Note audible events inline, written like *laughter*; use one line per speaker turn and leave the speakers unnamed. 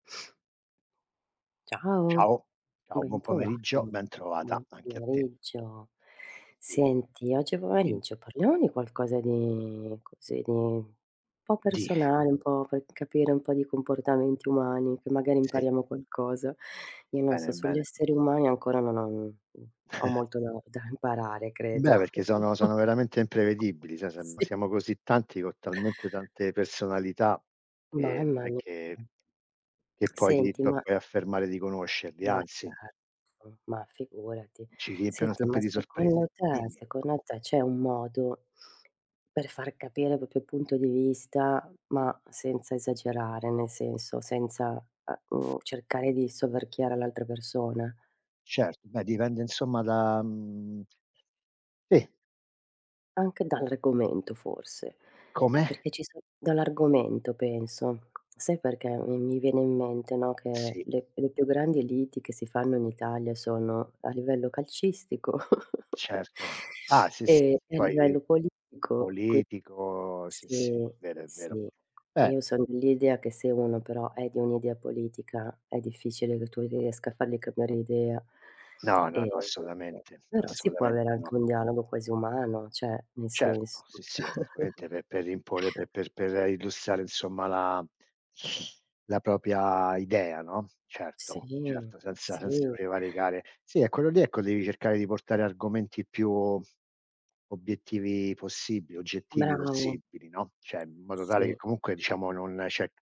Ciao,
Ciao, ciao
ben
buon
trovato.
pomeriggio, ben trovata
Buon
anche a te.
pomeriggio.
Sì.
Senti oggi
Di
pomeriggio parliamo di qualcosa di così, di po'
Di
personale, un po' per capire un po' di comportamenti umani, che magari
Sì.
impariamo qualcosa. Io non so,
Bene,
sugli
bene.
esseri umani ancora non ho mhmm, ho
*chuckles*
molto da da imparare, credo.
Beh, perché sono
*chuckles*
sono veramente imprevedibili, sai siam
Sì.
siamo così tanti, con talmente tante personalità che non
Mamma
è
mia.
che
*clicks tongue*
che puoi ti
Senti
p
ma
puoi affermare di conoscerli,
Ma
anzi.
certo, ma figurati.
ci riempiono
Senti
sempre
ma
di sorprese,
secondo te
dimmi.
secondo te c'è un modo per far capire il proprio punto di vista, ma senza esagerare, nel senso, senza, uhm, uhm, cercare di soverchiare l'altra persona?
Certo, beh dipende insomma da mhmm, sì.
Anche dall'argomento forse,
Come?
perché ci so dall'argomento penso. Sai perché mi mi viene in mente, no, che
Sì.
le le più grandi liti che si fanno in Italia sono a livello calcistico *chuckles*
Certo. Ah sì, sì.
e e a
Poi
livello politico qui
politico, sì, sì.
sì,
Vero è vero.
sì.
Beh
Io sono dell'idea che se uno però è di un'idea politica è difficile che tu riesca a fargli cambiare idea.
No, no, no,
Ehm,
assolutamente,
però si può
assolutamente
avere
no.
anche un dialogo quasi umano, cioè nel
Certo,
senso
sì, sì, assolutamente
*chuckles*
pe per r imporre, pe per per illustrare insomma la la propria idea, no.
Sì,
Certo, certo senza senza
sì.
prevaricare sì, è quello lì ecco, devi cercare di portare argomenti più obiettivi possibili, oggettivi
Bravo.
possibili, no, cioè in modo tale che
Sì.
comunque diciamo non c'è